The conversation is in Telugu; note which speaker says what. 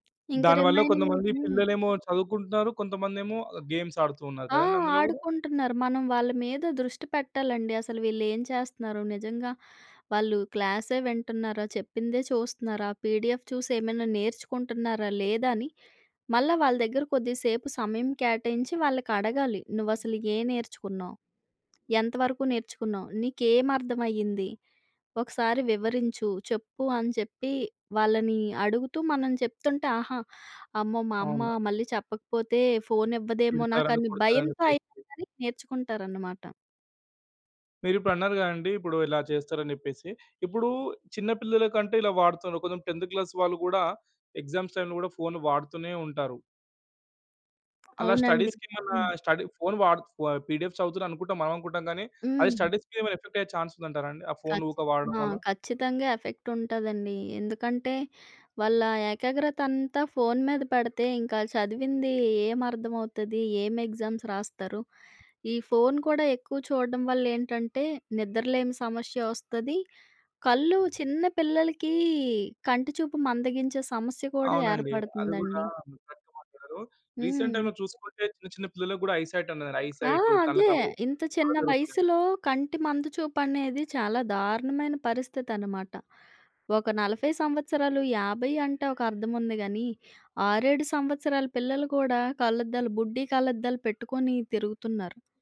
Speaker 1: ఇంకా
Speaker 2: దానివల్ల
Speaker 1: రిమైనింగ్
Speaker 2: కొంతమంది
Speaker 1: హ్మ్.
Speaker 2: పిల్లలేమో చదువుకుంటున్నారు. కొంతమందేమో గేమ్స్ ఆడుతూ ఉన్నారు
Speaker 1: ఆ!
Speaker 2: కదండీ! అందులో గూడా.
Speaker 1: ఆడుకుంటున్నారు. మనం వాళ్ళ మీద దృష్టి పెట్టాలండి. అసలు వీళ్ళేం చేస్తున్నారు? నిజంగా వాళ్ళు క్లాసే వింటున్నారా? చెప్పిందే చూస్తున్నారా? పీడిఎఫ్ చూసి ఏమన్నా నేర్చుకుంటున్నారా? లేదా? అని మళ్ళా వాళ్ళ దగ్గర కొద్దిసేపు సమయం కేటాయించి వాళ్ళకి అడగాలి. నువ్వు అసలు ఏం నేర్చుకున్నావు? ఎంత వరకు నేర్చుకున్నావు? నీకేం అర్థం అయ్యింది? ఒకసారి వివరించు. చెప్పు అని చెప్పి వాళ్ళని అడుగుతూ మనం చెప్తుంటే ఆహా! అమ్మో! మా అమ్మ
Speaker 2: అవును.
Speaker 1: మళ్ళీ చెప్పకపోతే ఫోనివ్వదేమో
Speaker 2: తిడతారని,
Speaker 1: నాకని
Speaker 2: కొడతారని
Speaker 1: భయంతో ఐనా
Speaker 2: భయంతో.
Speaker 1: గాని నేర్చుకుంటారన్నమాట.
Speaker 2: మీరిప్పుడన్నారు గదండీ! ఇప్పుడు ఇలా చేస్తారని జెప్పేసి. ఇప్పుడు చిన్న పిల్లల కంటే ఇలా వాడుతరు. కొంచెం 10థ్ క్లాస్ వాళ్ళు గూడా ఎగ్జామ్స్ టైమ్‌లో గూడా ఫోను వాడుతూనే ఉంటారు. అలా
Speaker 1: అవునండీ.
Speaker 2: స్టడీస్‌కి ఏమన్నా
Speaker 1: హ్మ్.
Speaker 2: స్టడీ ఫోను వాడుతు వ పీడిఎఫ్ చదువుతుర్రు అనుకుంటాం మనం అనుకుంటాం గానీ అది
Speaker 1: హ్మ్.
Speaker 2: స్టడీస్‌కి ఏమైనా ఎఫెక్ట్ అయ్యే చాన్స్ ఉందంటారాండి? ఆ ఫోను
Speaker 1: ఖచ్చి
Speaker 2: ఊక వాడడం
Speaker 1: ఆ!
Speaker 2: వల్ల?
Speaker 1: ఖచ్చితంగా. ఎఫెక్ట్ ఉంటదండి. ఎందుకంటే వాళ్ళ ఏకాగ్రత అంతా ఫోను మీద పెడితే, ఇంకా ఆల్లు చదివింది ఏం అర్థమవుతది? ఏం ఎగ్జామ్స్ రాస్తారు? ఈ ఫోను కూడా ఎక్కువ చూడడం వల్ల ఏంటంటే నిద్రలేని సమస్య వస్తది. కళ్ళు చిన్న పిల్లలకి కంటి చూపు మందగించే సమస్య కూడా
Speaker 2: అవునండి. అది గూడా
Speaker 1: ఏర్పడుతుందండి.
Speaker 2: [unintelligible] రీసెంట్
Speaker 1: హ్మ్.
Speaker 2: టైమ్‌లో చూసుకుంటే చిన్న చిన్న పిల్లలకి గూడా ఐ‌సైట్ ఉన్నదండి. ఐ
Speaker 1: ఆ!
Speaker 2: సైటు
Speaker 1: అదే.
Speaker 2: కళ్ళకలు
Speaker 1: ఇంత చిన్న
Speaker 2: చాలా జరుతున్నాయి.
Speaker 1: వయసులో కంటి మందు చూపుమనేది చాలా దారుణమైన పరిస్థితన్నమాట. ఒక 40 సంవత్సరాలు, 50 అంటే ఒక అర్థం ఉంది గాని, 6, 7 సంవత్సరాల పిల్లలు కూడా కళ్ళద్దాలు బుడ్డి కళ్ళద్దాలు పెట్టుకొని తిరుగుతున్నారు.